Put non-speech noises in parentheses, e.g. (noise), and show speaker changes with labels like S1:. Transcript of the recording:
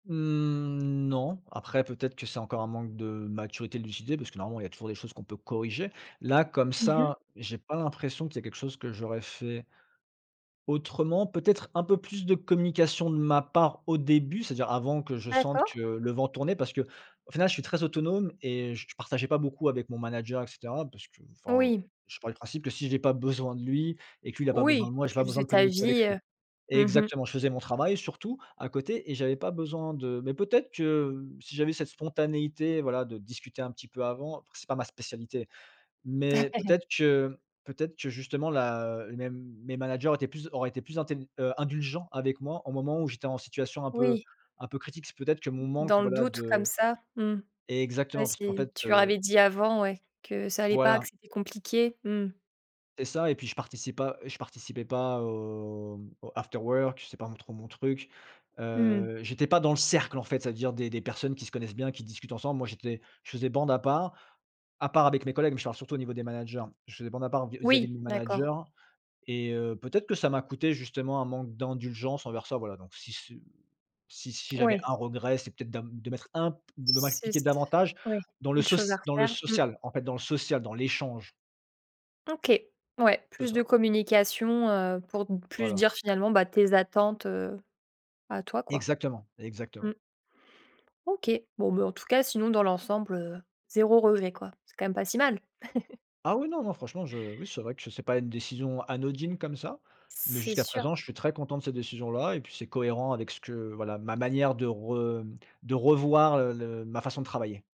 S1: Mmh, non. Après, peut-être que c'est encore un manque de maturité, de lucidité, parce que normalement il y a toujours des choses qu'on peut corriger. Là, comme
S2: Mmh mh.
S1: ça, j'ai pas l'impression qu'il y a quelque chose que j'aurais fait autrement. Peut-être un peu plus de communication de ma part au début, c'est-à-dire avant que je sente que
S2: D'accord.
S1: le vent tournait. Parce qu'au final, je suis très autonome et je partageais pas beaucoup avec mon manager et cetera parce que, enfin,
S2: Oui.
S1: je pars du principe que si j'ai pas besoin de lui et que lui il a pas besoin
S2: Oui,
S1: de moi, j'ai
S2: tu
S1: pas besoin
S2: faisais
S1: de
S2: ta
S1: communiquer avec
S2: vie,
S1: lui.
S2: heu, mmh mh.
S1: Exactement, je faisais mon travail surtout à côté et j'avais pas besoin de mais peut-être que, heu, si j'avais cette spontanéité, voilà, de discuter un petit peu avant c'est pas ma spécialité, mais
S2: (laughs)
S1: peut-être que peut-être que, justement, la, heu, mes m mes managers étaient plus auraient été plus intél heu, indulgents avec moi au moment où j'étais en situation un peu
S2: Oui.
S1: un peu critique. C'est peut-être que mon manque,
S2: Dans le
S1: voilà,
S2: doute, comme
S1: de
S2: ça, mmh. Ouais,
S1: exactement, parce qu'en
S2: si
S1: fait,
S2: tu leur
S1: heu
S2: avais dit avant, ouais, que ça allait pas, que
S1: Voilà.
S2: c'était compliqué, mmh.
S1: C'est ça, et puis, je participe pas, heu, je participais pas aux aux afterworks. J c'est pas m trop mon truc.
S2: Mmh.
S1: Heu, j'étais pas dans le cercle, en fait. C'est-à-dire des des personnes qui se connaissent bien, qui discutent ensemble. Moi, j'étais je faisais bande à part à part avec mes collègues, mais je te parle surtout au niveau des managers. Je faisais bande à part vis-à-vis
S2: Oui,
S1: de mes
S2: d'accord.
S1: managers et heu, peut-être que ça m'a coûté justement un manque d'indulgences envers ça. Voilà, donc si c heu, si si j'avais
S2: Ouais.
S1: 1 regret, c'est peut-être d'am de mettre un p de
S2: S c'est
S1: m'appliqué
S2: s
S1: d'avantage
S2: oui,
S1: dans le
S2: une chose à
S1: soci dans le
S2: refaire, mmh.
S1: social, en fait, dans le social dans l'échange.
S2: OK, ouais,
S1: C'est
S2: plus
S1: ça.
S2: de communication, heu, pour plus
S1: Voilà.
S2: dire, finalement, bah, tes attentes, heu, à toi, quoi.
S1: Exactement,
S2: Mmh.
S1: exactement.
S2: OK. Bon, mais en tout cas, sinon, dans l'ensemble, heu, 0 regret, quoi. C'est quand même pas si mal. (chuckles)
S1: Ah oui, non non. Franchement, je oui, c'est vrai que c'est pas une décision anodine comme ça, mais
S2: C'est
S1: jusqu'à
S2: sûr.
S1: présent, je suis très content de cette décision-là, et puis, c'est cohérent avec ce que voilà, ma manière de rem de revoir, heu, le ma façon de travailler.